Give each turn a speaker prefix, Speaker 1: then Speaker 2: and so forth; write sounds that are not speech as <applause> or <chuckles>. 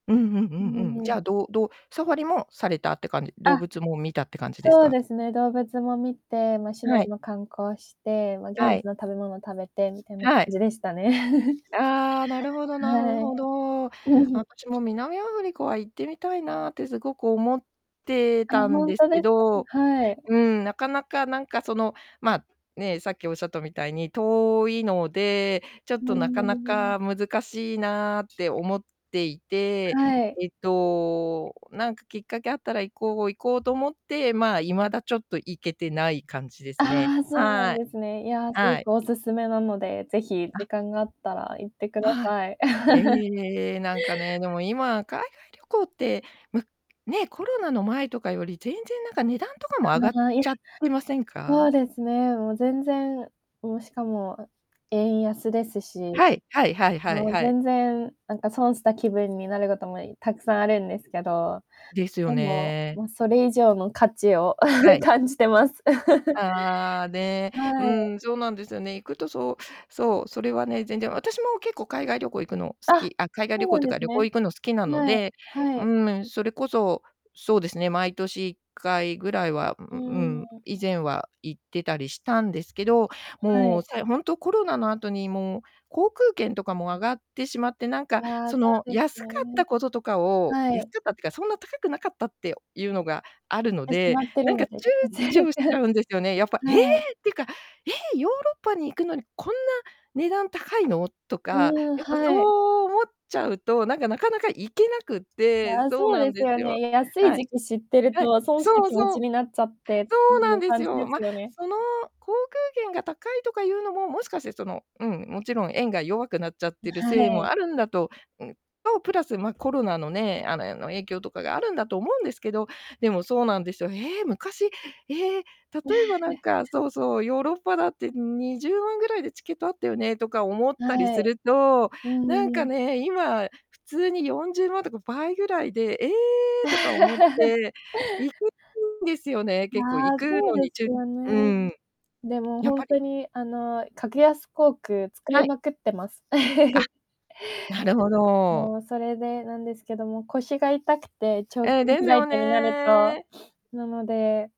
Speaker 1: うん、ふん、う
Speaker 2: うん、お
Speaker 1: んう
Speaker 2: ん
Speaker 1: ん。
Speaker 2: お
Speaker 1: じ
Speaker 2: ん。
Speaker 1: ゃあ、どうどうサファリもされたって感じ？動
Speaker 2: あ、
Speaker 1: 物も見たって感じです
Speaker 2: そう
Speaker 1: か？
Speaker 2: ですね、動物も見て、ま、市
Speaker 1: は
Speaker 2: 内
Speaker 1: い。
Speaker 2: も観光して、ま、現
Speaker 1: は
Speaker 2: 地
Speaker 1: い。
Speaker 2: の食べ物食べて、みたいな感
Speaker 1: はい。
Speaker 2: じでしたね。<chuckles>
Speaker 1: ああ、なるほどなふ
Speaker 2: はい。
Speaker 1: ほど。
Speaker 2: うん、ふん。
Speaker 1: 私も、南アフリカは行ってみたいなってすごく思って
Speaker 2: あ、
Speaker 1: たん
Speaker 2: ほん
Speaker 1: です
Speaker 2: とです
Speaker 1: け
Speaker 2: か。う
Speaker 1: ど、
Speaker 2: ん、はい。
Speaker 1: うん、なかなか、なんか、その、まあ、ねえ、さっきおっしゃったみたいに、遠いので、ちょっ
Speaker 2: うー
Speaker 1: となかな
Speaker 2: ん。
Speaker 1: か難しいなって思っていて、
Speaker 2: はい。
Speaker 1: えっと、お、なんかきっかけあったら、行こう行こうと思って、まあ、未だちょっと行けてない感じですね。
Speaker 2: ああ、そうな
Speaker 1: は
Speaker 2: ん
Speaker 1: い。
Speaker 2: ですね。いや、すご
Speaker 1: はい。
Speaker 2: くお勧めなので、ぜひ
Speaker 1: あ。
Speaker 2: 時間があったら行ってくだ
Speaker 1: はい。
Speaker 2: さい。<chuckles>
Speaker 1: ええ、なんかね、でも、今、海外旅行って、ま、ね、コロナの前とかより、全然なんか値段とかも
Speaker 2: あ
Speaker 1: 上
Speaker 2: の、
Speaker 1: がっ
Speaker 2: まあ、いふ
Speaker 1: ちゃってません
Speaker 2: そ
Speaker 1: か？
Speaker 2: うですね、もう、全然もう、しかも、お円安ですし、
Speaker 1: はい、はいはい
Speaker 2: ま
Speaker 1: は
Speaker 2: あ、
Speaker 1: いはい。
Speaker 2: 全然、なんか損した気分になることも、いたくさんあるんですけど、
Speaker 1: ですよ
Speaker 2: でも、
Speaker 1: ね。
Speaker 2: ま、それ以上の価値を、
Speaker 1: はい。
Speaker 2: <chuckles> 感じてます。<chuckles>
Speaker 1: ああ、ね。う
Speaker 2: はい。
Speaker 1: ん、そうなんですよね。行くとそう、そう、それはね、全然。私も、結構、海外旅行、行くの好
Speaker 2: あ、
Speaker 1: き、あ、海外
Speaker 2: そ
Speaker 1: 旅
Speaker 2: う
Speaker 1: 行っ
Speaker 2: なん
Speaker 1: ていう
Speaker 2: で
Speaker 1: か、
Speaker 2: す
Speaker 1: 旅行、
Speaker 2: ね。
Speaker 1: 行くの好きなの
Speaker 2: はい、
Speaker 1: で、
Speaker 2: は
Speaker 1: うー
Speaker 2: い。
Speaker 1: む、ん、それこそ、そうですね、毎年1回ぐらいは、うう
Speaker 2: う
Speaker 1: うん、
Speaker 2: ーん。
Speaker 1: 以前は行ってたりしたんですけど、
Speaker 2: は
Speaker 1: も
Speaker 2: い。
Speaker 1: う、さいほんと、コロナの後にもう、航空券とかも上がってしまって、なん
Speaker 2: い
Speaker 1: か、
Speaker 2: や、
Speaker 1: そ
Speaker 2: そ
Speaker 1: の、
Speaker 2: うです
Speaker 1: 安か
Speaker 2: よ
Speaker 1: っ
Speaker 2: ね。
Speaker 1: たこととかを
Speaker 2: は
Speaker 1: 安
Speaker 2: い。
Speaker 1: かったってか、そんな高くなかったってゆうのがあるの
Speaker 2: え、し
Speaker 1: で、
Speaker 2: まって
Speaker 1: な
Speaker 2: る
Speaker 1: んか
Speaker 2: の
Speaker 1: 躊
Speaker 2: で、全
Speaker 1: 躇し
Speaker 2: 然。
Speaker 1: ちゃうんですよね。やっぱ、ええ
Speaker 2: はい。
Speaker 1: っていうか、ええヨーロッパに行くのに、こんな値段高いのとか、
Speaker 2: うーん、
Speaker 1: やっぱそ
Speaker 2: はい。
Speaker 1: う思っちゃうと、なんか、なかなか行けなくて
Speaker 2: ああ、
Speaker 1: そう
Speaker 2: そう
Speaker 1: な
Speaker 2: で
Speaker 1: ん
Speaker 2: す
Speaker 1: で
Speaker 2: よ
Speaker 1: すよ。
Speaker 2: ね、や安い
Speaker 1: はい。
Speaker 2: 時期知ってる
Speaker 1: はい。
Speaker 2: と、損した
Speaker 1: そう
Speaker 2: 気持
Speaker 1: そ
Speaker 2: ち
Speaker 1: う。
Speaker 2: になっちゃってって
Speaker 1: そ
Speaker 2: い
Speaker 1: うな
Speaker 2: う
Speaker 1: んです
Speaker 2: 感じ
Speaker 1: よ。
Speaker 2: で
Speaker 1: ま、
Speaker 2: すよね。
Speaker 1: その、航空券が高いとかゆうのも、もしかして、その、うん、もちろん、円が弱くなっちゃっ
Speaker 2: ん、
Speaker 1: てる
Speaker 2: は
Speaker 1: せいも
Speaker 2: い。
Speaker 1: あるんだと、うん、と、プラス、ま、コロナのね、あの、やの、影響とかがあるんだと思うんですけど、でも、そうなんですよ、へえ、昔、ええ例えばなん
Speaker 2: <chuckles>
Speaker 1: か、そうそう、ヨーロッパだって20万ぐらいでチケットあったよねとか、思ったり
Speaker 2: は
Speaker 1: す
Speaker 2: い。
Speaker 1: ると、
Speaker 2: う
Speaker 1: なん
Speaker 2: ー
Speaker 1: か
Speaker 2: ん。
Speaker 1: ね、今、普通に40万とか倍ぐらいで、ええとか思っ
Speaker 2: <chuckles>
Speaker 1: て、行けきんですよね、
Speaker 2: い
Speaker 1: 結構行
Speaker 2: や、
Speaker 1: く
Speaker 2: そう
Speaker 1: のに、
Speaker 2: で
Speaker 1: ちゅ
Speaker 2: すよ
Speaker 1: うー
Speaker 2: ね。
Speaker 1: ん。
Speaker 2: でも、
Speaker 1: やっ
Speaker 2: ほん
Speaker 1: ぱり。
Speaker 2: とに、あの、格安航空使
Speaker 1: は
Speaker 2: い
Speaker 1: い。
Speaker 2: まくってます。
Speaker 1: あ、
Speaker 2: <chuckles>
Speaker 1: なるほど。
Speaker 2: もう、それでなんですけども、腰が痛くて、長距
Speaker 1: ええ、
Speaker 2: 離
Speaker 1: で
Speaker 2: フ
Speaker 1: す
Speaker 2: ライ
Speaker 1: よ
Speaker 2: トになると、
Speaker 1: ね。
Speaker 2: なので